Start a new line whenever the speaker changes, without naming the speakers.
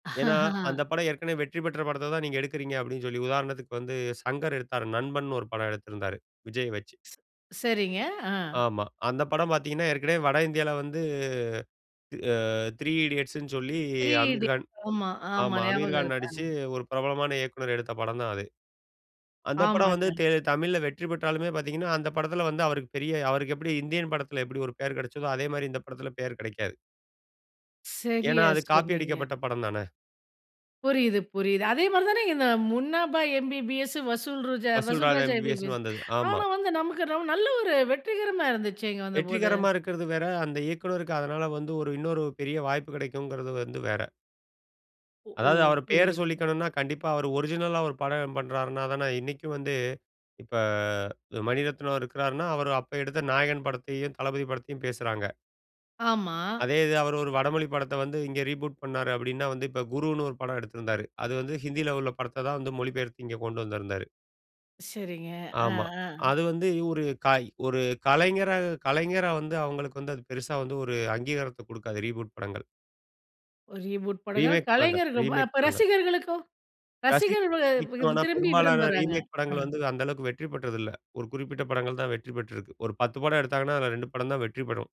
ஏனா, அந்த படம் ஏற்கனவே வெற்றி பெற்ற படத்த தான் நீங்க எடுக்கிறீங்க அப்படீன்னு சொல்லி, உதாரணத்துக்கு வந்து சங்கர் எடுத்தார். நண்பன்னு ஒரு படம் எடுத்திருந்தார். விஜய வெச்சு.
சரிங்க. ஆ.
ஆமா. அந்த படம் பார்த்தீங்கனா, ஏற்கனவே வட இந்தியாவில வந்து, த் Three Idiotsன்னு சொல்லி
[unintelligible]
அமீர்கான்
ஆமா, ஆமா.
ஆமா.
ஞாபகம்
அமீர்கான் நடிச்சு
இருக்கு.
ஒரு பிரபலமான இயக்குனர் எடுத்த படம் தான் அது. அந்த படம் வந்து
ஆமாங்க.
தே தமிழில வெற்றி பெற்றாலுமே பார்த்தீங்கனா, அந்த படத்தில வந்து அவருக்கு பெரிய அவருக்கு எப்படி இந்தியன் படத்தில எப்படி ஒரு பெயர் கெடச்சதோ, அதே மாரி இந்த படத்தில பெயர் கெடைக்காது. ஏனா,
சரியா
அது காப்பி
சொன்னீங்க.
அடிக்கப்பட்ட படம் தானே.
புரியுது, புரியுது. அதே மாதிரி தானே இங்க இந்த முன்னாபா எம்பிபிஎஸ், வசூல் ராஜா
வசூல்
வசூல்
ராஜா
ராஜா
எம்பிபிஎஸ்ன்னு
எம்பிபிஎஸ்.
வந்தது. ஆமா.
ஆனா, வந்து நமக்கு ரொம்ப நல்ல ஒரு வெற்றிகரமா இருந்துச்சேங்க வந்தபோது.
வெற்றிகரமா இருக்குறது வேற, அந்த இயக்குனருக்கு அதனால வந்து ஒரு இன்னொரு பெரிய வாய்ப்பு கெடைக்குங்கிறது வந்து வேற.
ஓ!
அதாவது, அவர் பெயர
புரியுது.
சொல்லிக்கணும்னா கண்டிப்பா அவரு ஒரிஜினல்லா ஒரு படம் பண்றாருனா தான, இன்னைக்கும் வந்து இப்ப மணிரத்னம் இருக்கிறாருன்னா, அவரு அப்ப எடுத்த நாயகன் படத்தையும், தளபதி படத்தையும் பேசுறாங்க.
ஆமா.
அதே இது, அவர் ஒரு வடமொழி படத்த வந்து இங்க ரீபூட் பண்ணார் அப்படின்னா, வந்து இப்ப குருன்னு ஒரு படம் எடுத்திருந்தாரு. அது வந்து ஹிந்தியில உள்ள படத்த தான் வந்து மொழி பெயர்த்து இங்க கொண்டு வந்திருந்தாரு.
சரிங்க. அ,
ஆமா.
அ.
அது வந்து ஒரு, ஒரு கலைஞர கலைஞரா வந்து, அவர்களுக்கு வந்து பெருசா வந்து ஒரு அங்கீகாரத்த குடுக்காது ரீபூட் படங்கள்.
ரீபூட் படங்கள்.
ரீமேக் படங்கள்,
கலைஞர்,
ரீமேக்
அப்ப
படங்கள்.
ரசிகர்களுக்கும்
ரசி
ரசிகர்கள்
[unintelligible]
திரும்பி
பெரும்பாலான
விரும்புறாங்க.
ரீமேக் படங்கள்
ஆ.
வந்து, அந்த அளவுக்கு வெற்றி பெற்றது இல்ல. ஒரு குறிப்பிட்ட படங்கள் தான் வெற்றி பெற்றிருக்கு. ஒரு 10 படம் எடுத்தாங்கன்னா, அதுல 2 படம் தான் வெற்றி பெரும்.